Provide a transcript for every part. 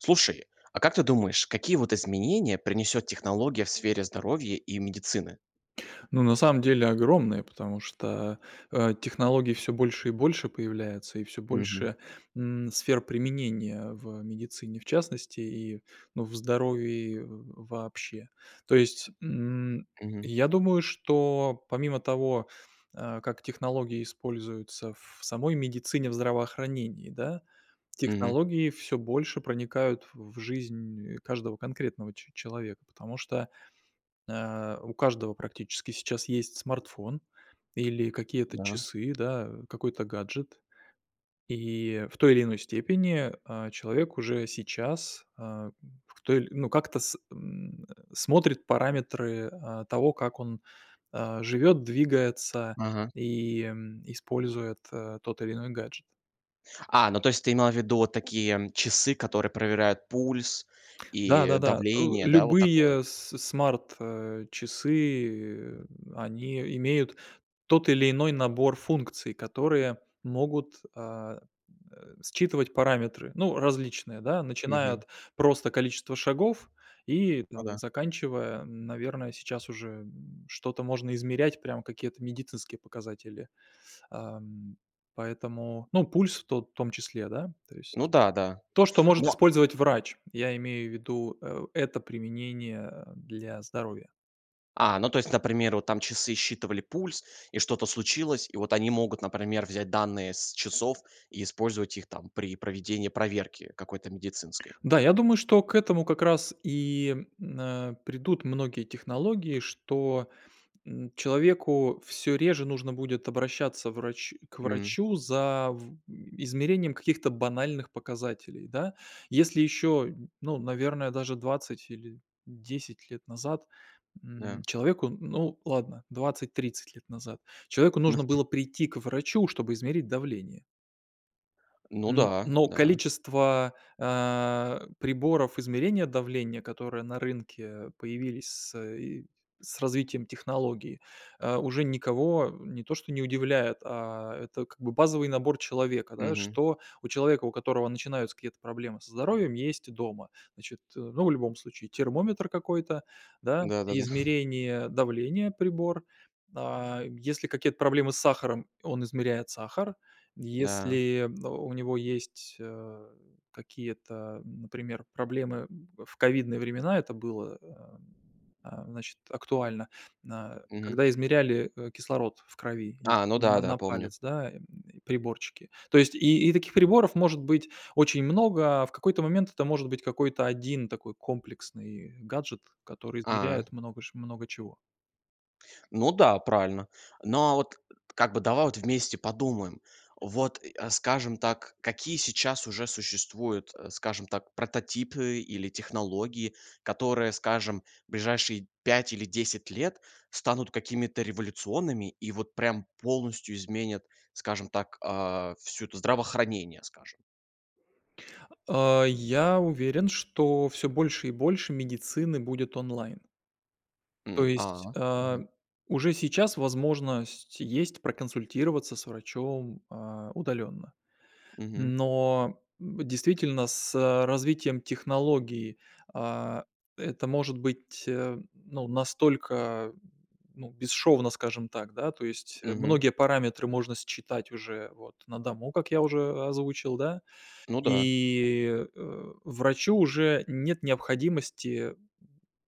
Слушай, а как ты думаешь, какие вот изменения принесёт технология в сфере здоровья и медицины? Ну, на самом деле огромная, потому что, э, технологий всё больше и больше появляется. И всё Мгм. больше, м, сфер применения в медицине в частности и, ну, в здоровье в вообще. То есть, м, Мгм. я думаю, что помимо того, э, как технологии используются в самой медицине, в здравоохранении, да, Мгм. технологии всё больше проникают в жизнь каждого конкретного че человека. Потому что, э, у каждого практически сейчас есть смартфон или какие-то Да. часы, да, какой-то гаджет. И в той или иной степени, э, человек уже сейчас, а, м, в толь ну как-то, с м, э, смотрит параметры, а, того, как он, э, живет, двигается Мгм. и, м, использует, э, тот или иной гаджет. А, ну то есть ты имел в виду вот такие часы, которые проверяют пульс и Да-да-да. Э, давление. Да, вот такое. любые с смарт, э, часы, они имеют тот или иной набор функций, которые могут, а, э, считывать параметры. Ну, различные, да, начиная Мгм. от просто количества шагов и, Ну, там, да. заканчивая, наверное, сейчас уже, м, что-то можно измерять, прям какие-то медицинские показатели. Ам, поэтому, ну, пульс в тот в том числе, да. То Ну есть да, да. то, что может Но использовать врач. Я имею в виду, э это применение для здоровья. А, ну то есть, например, вот там часы считывали пульс, и что-то случилось, и вот они могут, например, взять данные с часов и использовать их там, при проведении проверки какой-то медицинской. Да, я думаю, что к этому как раз и, э, придут многие технологии, что, м, человеку всё реже нужно будет обращаться врач к М. врачу за, в измерением каких-то банальных показателей, да. Если еще, ну, наверное, даже 20 или 10 лет назад, м, Да. человеку, ну, ладно, 20-30 лет назад человеку Ну, нужно п было прийти к врачу, чтобы измерить давление. Ну М, да, но да. количество, э, приборов измерения давления, которые на рынке появились с, э, и с развитием технологии, э, уже никого не то что не удивляет, а это как бы базовый набор человека, да. Мгм. Что у человека, у которого начинаются какие-то проблемы со здоровьем, есть дома. Значит, э, ну, в любом случае термометр какой-то, да, Да-да-да. измерение давления прибор, а, если какие-то проблемы с сахаром, он измеряет сахар. М-да. Если, о, у него есть, э, какие-то, например, проблемы, в ковидные времена это было, э, а, значит, актуально, на Мгм. когда измеряли, э, кислород в крови. Есть А, ну такие на да, да, на помню. палец, да, э, приборчики. То есть и, и таких приборов может быть очень много, а в какой-то момент это может быть какой-то один такой комплексный гаджет, который А. измеряет много ш много чего. Ну, да, правильно. Но, а вот, как бы, давай вот вместе подумаем. Вот, а, скажем так, какие сейчас уже существуют, э, скажем так, прототипы или технологии, которые, скажем, в ближайшие 5 или 10 лет станут какими-то революционными и вот прям полностью изменят, скажем так, а, всю это здравоохранение, скажем. А, я уверен, что всё больше и больше медицины будет онлайн. То М, есть, а, а, мгм. уже сейчас возможность есть проконсультироваться с врачом, а, удаленно. Мгм. Но, м, действительно с развитием технологии, а, это может быть, ну, настолько, ну, бесшовно, скажем так, да, то есть Мгм. многие параметры можно считать уже вот на дому, как я уже озвучил, да. Ну, да. И, э, врачу уже нет необходимости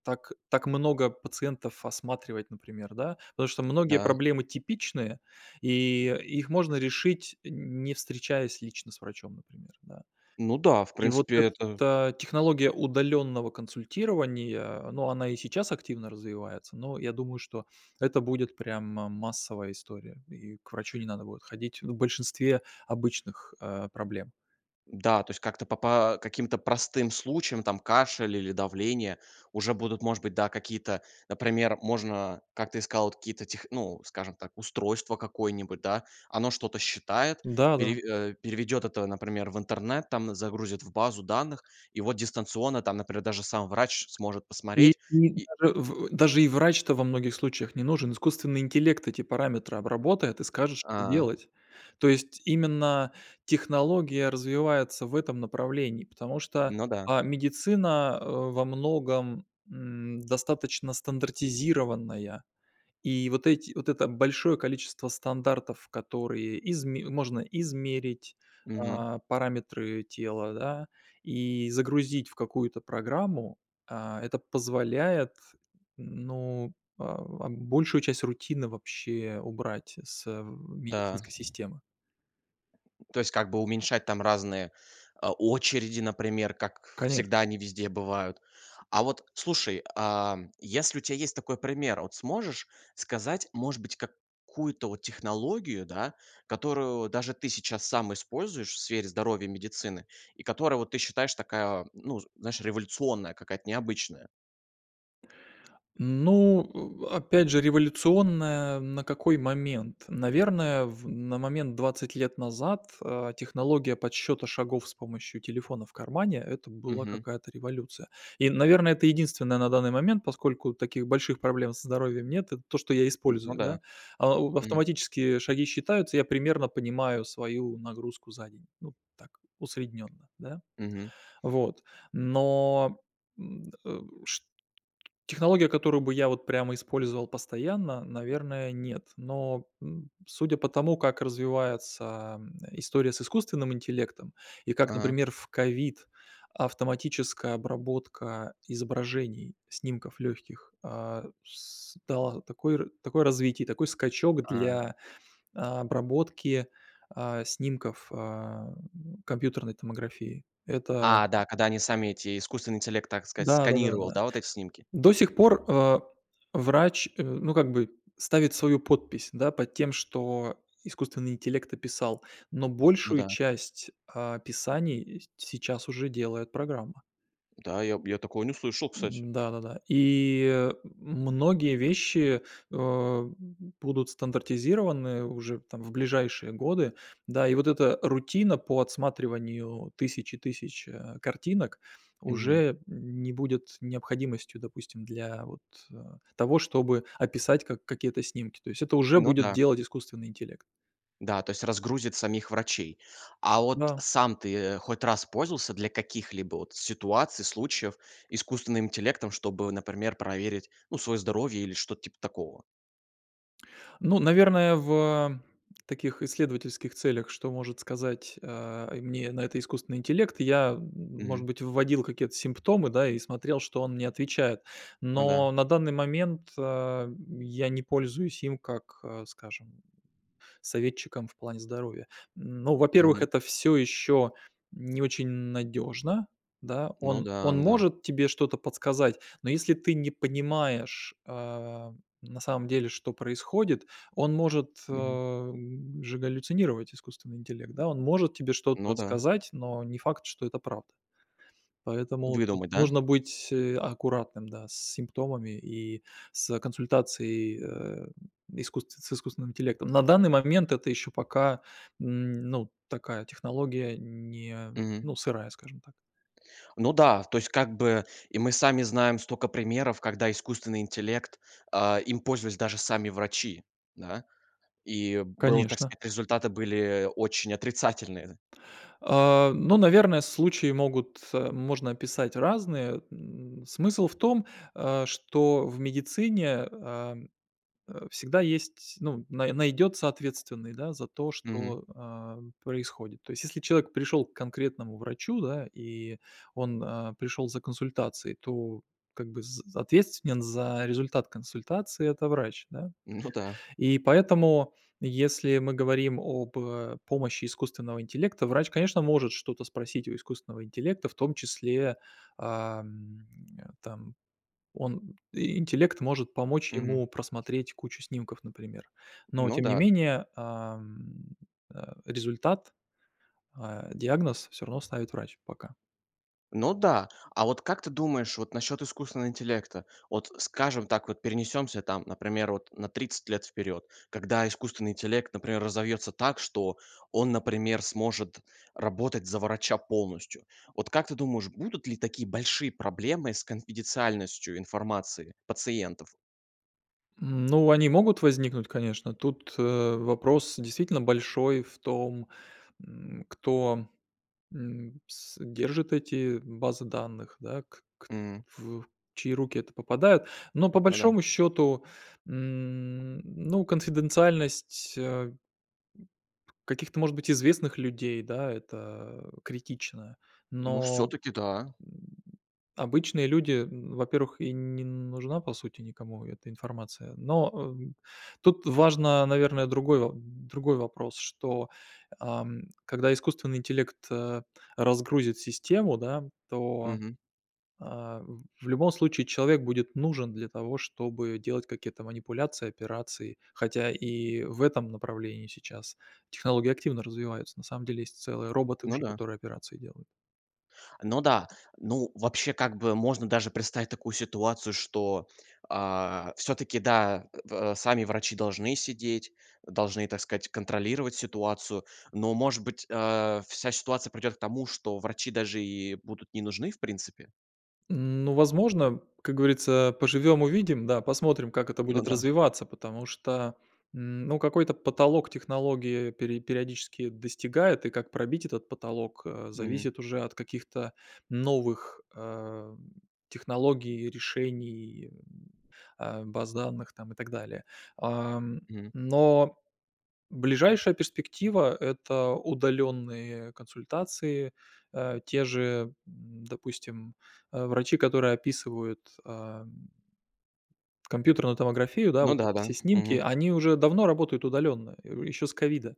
так так много пациентов осматривать, например, да. Потому что многие Да. проблемы типичные, и их можно решить, не встречаясь лично с врачом, например, да. Ну да, в И вот принципе, это эта технология удаленного консультирования, ну, она и сейчас активно развивается, но я думаю, что это будет прямо массовая история, и к врачу не надо будет ходить, ну, в большинстве обычных, э, проблем. Да, то есть как-то по по каким-то простым случаям, там, кашель или давление уже будут, может быть, да, какие-то, например можно, как ты и сказал, вот какие-то тех ну, скажем так, устройство какое-нибудь, да, оно что-то считает, Да-да. переве э, переведет это, например, в интернет, там, загрузит в базу данных, и вот дистанционно там, например, даже сам врач сможет И посмотреть и и даже в даже и врач-то во многих случаях не нужен. Искусственный интеллект эти параметры обработает и скажет, что А. делать. То есть, именно технология развивается в этом направлении, потому что, Ну, да. а, медицина во многом, м, достаточно стандартизированная. И вот эти вот это большое количество стандартов, которые изме можно измерить, Мгм. а параметры тела, да, и загрузить в какую-то программу, а, это позволяет, ну, а, а, большую часть рутины вообще убрать с Да. медицинской системы. То есть, как бы уменьшать там разные, а, очереди, например, как Конеш всегда они везде бывают. А вот, слушай, а, если у тебя есть такой пример, вот сможешь сказать, может быть, какую-то вот технологию, да, которую даже ты сейчас сам используешь в сфере здоровья и медицины, и которая, вот, ты считаешь, такая, ну, знаешь, революционная какая-то, необычная? Ну, э, опять же, революционная на какой момент? Наверное, в на момент 20 лет назад, а, технология подсчёта шагов с помощью телефона в кармане- это была Мгм. какая-то революция. И, наверное, это единственное на данный момент, поскольку таких больших проблем со здоровьем нет. Это то, что я М, ну использую, да, да. А, мгм. автоматические шаги считаются, я примерно понимаю свою нагрузку за день. Ну так, усредненно, да. Мгм. Вот, но, м, э, шт технология, которую бы я вот прямо использовал постоянно, наверное, нет, но, м, судя по тому, как развивается, ам, история с искусственным интеллектом и как, А. например, в ковид автоматическая обработка изображений, снимков легких, а, с дала такое ра такое развитие и такой скачок Ага. для обработки, а, снимков, а, компьютерной томографии. Это А, да, когда они сами эти искусственный интеллект, так сказать, Да-да да, сканировал, да. да, вот эти снимки. До сих пор, э, врач, э, ну, как бы ставит свою подпись, да, под тем, что искусственный интеллект описал, но Ну большую да. часть описаний, эть сейчас уже делает программа. Да, я б я такое не слышал, кстати. М-да, да-да. И, многие вещи, а, будут стандартизированы уже там в ближайшие годы, да. И вот эта рутина по отсматриванию тысячи тысяч, э, картинок Мгм. уже не будет необходимостью, допустим, для вот, э, того, чтобы описать как какие-то снимки. То есть это уже Ну, будет да. делать искусственный интеллект. Да, то есть разгрузит самих врачей. А вот Да. сам ты хоть раз пользовался для каких-либо вот ситуаций, случаев искусственным интеллектом, чтобы, например, проверить, ну, своё здоровье или что-то типа такого? Ну, наверное, в таких исследовательских целях, что может сказать, э, мне на это искусственный интеллект, я, может Мгм. быть, вводил какие-то симптомы, да, и смотрел, что он мне отвечает. Ну, да. Но на данный момент, ам, я не пользуюсь им как, а, скажем, советчиком в плане здоровья. Ну, во-первых, Мгм. это всё ещё не очень надёжно, да, Ну, он да, он м-да. может тебе что-то подсказать, но если ты не понимаешь, а, на самом деле, что происходит, он может, Мгм. а, же галлюцинировать, искусственный интеллект, да. Он может тебе Ну, что-то да. сказать, но не факт, что это правда. Поэтому тут Выдумать, да? нужно быть аккуратным, да, с симптомами и с консультацией, э, искусст с искусственным интеллектом. На данный момент это ещё пока, м, ну, такая технология не Мгм. ну, сырая, скажем так. Ну да, то есть, как бы, и мы сами знаем стока примеров, когда искусственный интеллект а, им пользовались даже сами врачи, да. И было так Конечно. сказать, результаты были очень отрицательные. А, ну, наверное, случаи могут э, можно описать разные. М, смысл в том, а, что в медицине, ам, э, всегда есть, ну, на найдется ответственный, да, за то, Мгм. что, а, происходит. То есть, если человек пришёл к конкретному врачу, да, и он, а, пришел за консультацией, то, как бы, з ответственен за результат консультации- это врач, да. Ну да. И поэтому, если мы говорим об помощи искусственного интеллекта, врач, конечно, может что-то спросить у искусственного интеллекта, в том числе, ам, там, он интеллект может помочь Мгм. ему просмотреть кучу снимков, например, но, Ну, тем не да. менее, ам, э, результат, а, диагноз всё равно ставит врач, пока. Ну, да. А вот как ты думаешь, вот насчет искусственного интеллекта? Вот, скажем так, вот, перенесемся там, например, вот, на 30 лет вперед. Когда искусственный интеллект, например, разовьется так, что он, например, сможет работать за врача полностью. Вот, как ты думаешь, будут ли такие большие проблемы с конфиденциальностью информации пациентов? М, ну, они могут возникнуть, конечно. Тут, э, вопрос действительно большой в том, м, кто, м, с держит эти базы данных, да, к к М. в чьи руки это попадают. Но, по Ну да. большому счёту, м, ну, конфиденциальность, э, каких-то, может быть, известных людей, да, это критично. Ну, Но, всё-таки, да. м, обычные люди, м, во-первых, и н не нужна, по сути, никому эта информация. Но, э, м, тут важно, наверное, другой во другой вопрос, что, ам, когда искусственный интеллект, э, разгрузит систему, да, то, Мгм. а, в любом случае, человек будет нужен для того, чтобы делать какие-то манипуляции, операции. Хотя, и в этом направлении, сейчас, технологии активно развиваются. На самом деле, есть целые роботы Ну уже, да. которые операции делают. Ну да. Ну, вообще, как бы, можно, даже, представить такую ситуацию, что, а, всё-таки, да, э, сами врачи должны сидеть. Должны, так сказать, контролировать ситуацию, но, может быть, э, вся ситуация придёт к тому, что врачи даже и будут не нужны в принципе? Ну, возможно, как говорится, поживём-увидим. Да, посмотрим, как это Ну будет да. развиваться, потому что, м, ну, какой-то потолок технологии пере периодически достигает, и как пробить этот потолок, э, Мгм. зависит уже от каких-то новых, э, технологий, решений, э, а, баз данных там и так далее. А, Мгм. но, ближайшая перспектива- это удалённые консультации, э. Те же, м, допустим, а, врачи, которые описывают, ам компьютерную томографию, да. Ну Вот да эти да. все снимки. Мгм. Они уже давно работают удалённо, э, у, ещё с ковида.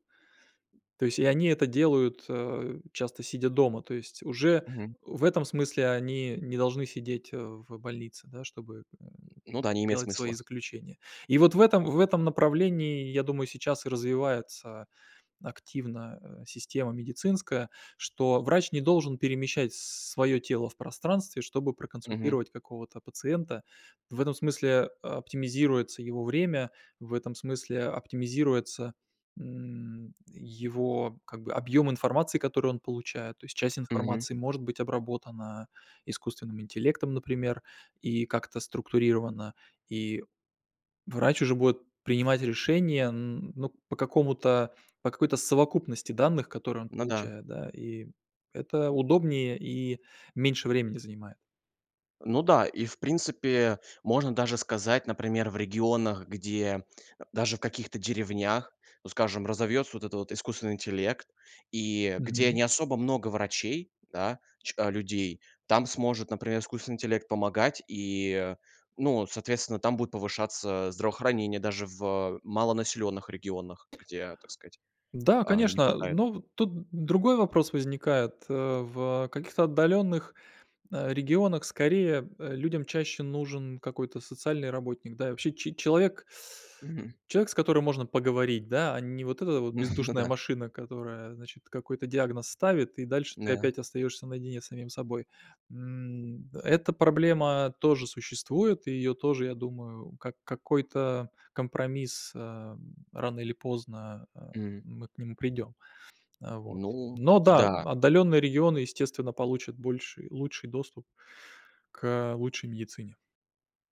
То есть и они это делают, э, часто сидя дома. То есть, уже, Мгм. в этом смысле, они не должны сидеть, э, в больнице, да, чтобы, м, Ну да, не имеет делать свои смысла. заключения. И вот в этом в этом направлении, я думаю, сейчас и развивается активно, э, система медицинская, что врач не должен перемещать с своё тело в пространстве, чтобы Мгм. проконсультировать какого-то пациента. В этом смысле, э, оптимизируется его время, в этом смысле а оптимизируется, м, его, как бы, объём информации, который он получает. То есть, часть Мгм. информации может быть обработана искусственным интеллектом, например, и, как-то структурирована. И врач уже будет принимать решения, н ну, по какому-то по какой-то совокупности данных, которые он Ну да. получает, да, и это удобнее, и меньше времени занимает. Ну да, и, в принципе, можно даже сказать, например, в регионах, где, э, даже в каких-то деревнях, ну, скажем, разовьётся, вот это вот, искусственный интеллект, и где Мгм. не особо много врачей, да, ч э, людей, там сможет, например, искусственный интеллект помогать и, ну, соответственно, там будет повышаться здравоохранение даже в малонаселённых регионах, где, так сказать, Да, э, не конечно. Э, хватает. ну тут другой вопрос возникает, э, в, э, каких-то отдалённых, э, регионах, скорее, э, людям чаще нужен какой-то социальный работник, да? И вообще че человек Мгм. человек, с которым можно поговорить, да, а не вот эта вот, Ну бездушная да. машина, которая, значит, какой-то диагноз ставит, и дальше, ты Да. опять, остаёшься наедине с самим собой. М, д эта проблема тоже существует, и её тоже, я думаю, как какой-то компромисс, э, рано или поздно, э, М. мы к нему придём. Э, вот. Ну Но да, да. отдалённые регионы, естественно, получат больший лучший доступ к, э, лучшей медицине.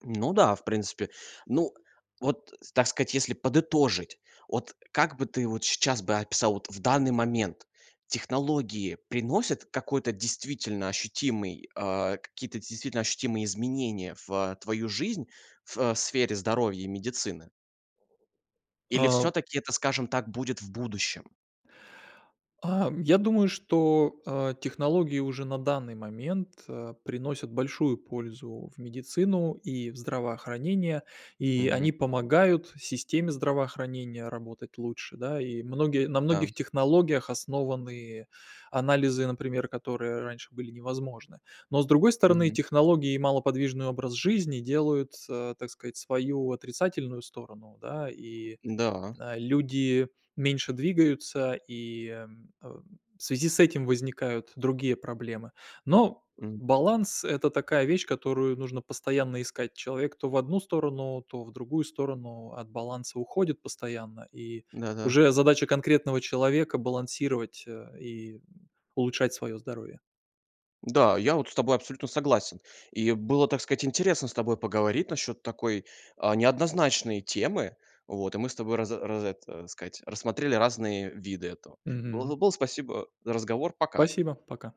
Ну да, в принципе. Ну, вот, так сказать, если подытожить, вот, как бы ты, вот, сейчас бы описал, вот, в данный момент: технологии приносят какой-то действительно ощутимый э, какие-то действительно ощутимые изменения в, э, твою жизнь, в сфере здоровья и медицины или А. всё-таки это, скажем так, будет в будущем? Ам, я думаю, что, э, технологии, уже, на данный момент, э, приносят большую пользу в медицину и в здравоохранение. И Мгм. они помогают системе здравоохранения работать лучше, да, и многие на Да. многих технологиях основаны анализы, например, которые раньше, были невозможны. Но, с другой стороны, Мгм. технологии и малоподвижный образ жизни делают, э, так сказать, свою отрицательную сторону, да, и, Да. э, люди меньше двигаются и, э, м, в связи с этим возникают другие проблемы. Но М. баланс- это такая вещь, которую нужно постоянно искать. Человек, то в одну сторону, то в другую сторону, от баланса уходит постоянно. И Да, да. уже задача конкретного человека- балансировать, э, и улучшать своё здоровье. Да, я вот, с тобой абсолютно согласен. И было, так сказать, интересно с тобой поговорить насчёт такой, э, неоднозначной темы, вот. И мы с тобой раз раз это, так сказать, рассмотрели разные виды этого. Мгм. Было было, спасибо за разговор. Пока. Спасибо. Пока.